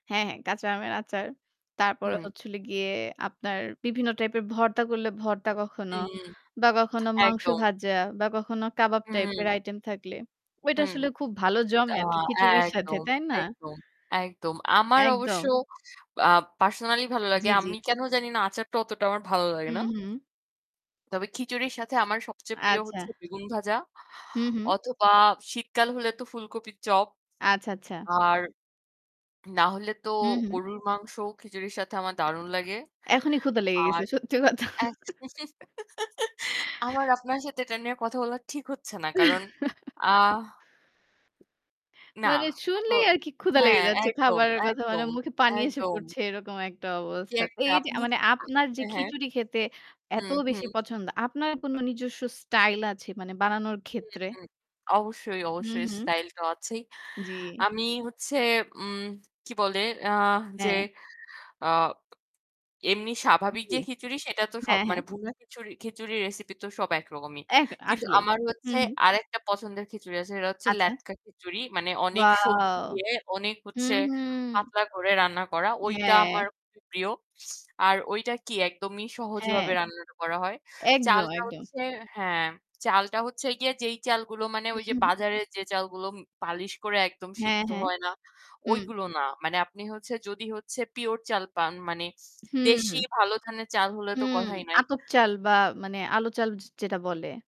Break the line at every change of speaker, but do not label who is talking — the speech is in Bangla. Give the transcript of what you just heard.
হ্যাঁ, হ্যাঁ, কাঁচা আমের আচার। তারপরে
হুম।
হচ্ছিল গিয়ে আপনার বিভিন্ন type এর ভর্তা করলে ভর্তা কখনো
হুম,
বা কখনো মাংস
একদম।
ভাজা বা কখনো কাবাব type এর
হুম।
item থাকলে ওইটা
হুম।
আসলে খুব ভালো
আ
জমে আরকি খিচুড়ির সাথে,
একদম,
তাই না?
একদম, একদম। আমার অবশ্য
একদম।
আ personally ভালো
জি,
লাগে।
জি।
আমি কেন জানিনা আচারটা অতটা আমার ভালো লাগে
হুম,
না।
হুম।
তবে খিচুড়ির সাথে আমার সবচেয়ে প্রিয়
আচ্ছা।
হচ্ছে বেগুন ভাজা
হুম, হুম।
অথবা শীতকাল হলে তো ফুলকপির চপ।
আচ্ছা, আচ্ছা।
আর না হলে তো
হুম, হুম।
গরুর মাংসও খিচুড়ির সাথে আমার দারুণ লাগে।
এখনই ক্ষুধা লেগে
আর
গেছে সত্যি কথা।
এ আমার আপনার সাথে এটা নিয়ে কথা বলা ঠিক হচ্ছে না। কারণ, আ না।
মানে
তো
শুনলেই আরকি ক্ষুধা লেগে
হ্যাঁ,
যাচ্ছে
একদম,
খাবারের কথা। মানে
একদম,
মুখে পানি এসে
একদম।
পড়ছে এরকম একটা
কি
অবস্থা। তো
একটা
এই যে
আপনি
মানে
যেটা,
আপনার যে
হ্যাঁ?
খিচুড়ি খেতে এত
হুম,
বেশি
হুম।
পছন্দ, আপনার কোনো নিজস্ব style আছে মানে বানানোর
হুম,
ক্ষেত্রে?
হুম। অবশ্যই,
হুম,
অবশ্যই
হুম।
style তো আছেই।
জি।
আমি হচ্ছে উম কি বলে? আ যে,
হ্যাঁ।
অ্যা এমনি স্বাভাবিক যে
জি।
খিচুড়ি সেটা তো সব
হ্যাঁ, হ্যাঁ।
মানে ভুনা খিচুড়ি খিচুড়ির recipe তো সব একরকমই।
এক
কিন্তু
আসলে।
আমার হচ্ছে
হুম, হুম।
আরেকটা পছন্দের খিচুড়ি আছে। সেটা হচ্ছে
আচ্ছা।
লেটকা খিচুড়ি। মানে অনেক সবজি
Wow!
দিয়ে অনেক হচ্ছে
হুম, হুম।
পাতলা করে রান্না করা। ওইটা
হ্যাঁ।
আমার খুবই প্রিয়। আর ওইটা কি একদমই
হ্যাঁ।
সহজভাবে রান্না করা হয়।
একদম,
চালটা
একদম।
হচ্ছে হ্যাঁ, চালটা হচ্ছে গিয়ে যেই চালগুলো মানে
হুম,
ওই যে
হুম।
বাজারের যে চালগুলো পালিশ করে একদম
হ্যাঁ,
সিদ্ধ
হ্যাঁ।
হয় না,
হুম।
ওইগুলো না। মানে আপনি হচ্ছে যদি হচ্ছে pure চাল পান মানে
হুম,
দেশি
হুম।
ভালো ধানের চাল হলে তো
হুম।
কথাই নাই।
আতপ চাল বা মানে আলু চাল যে যেটা বলে।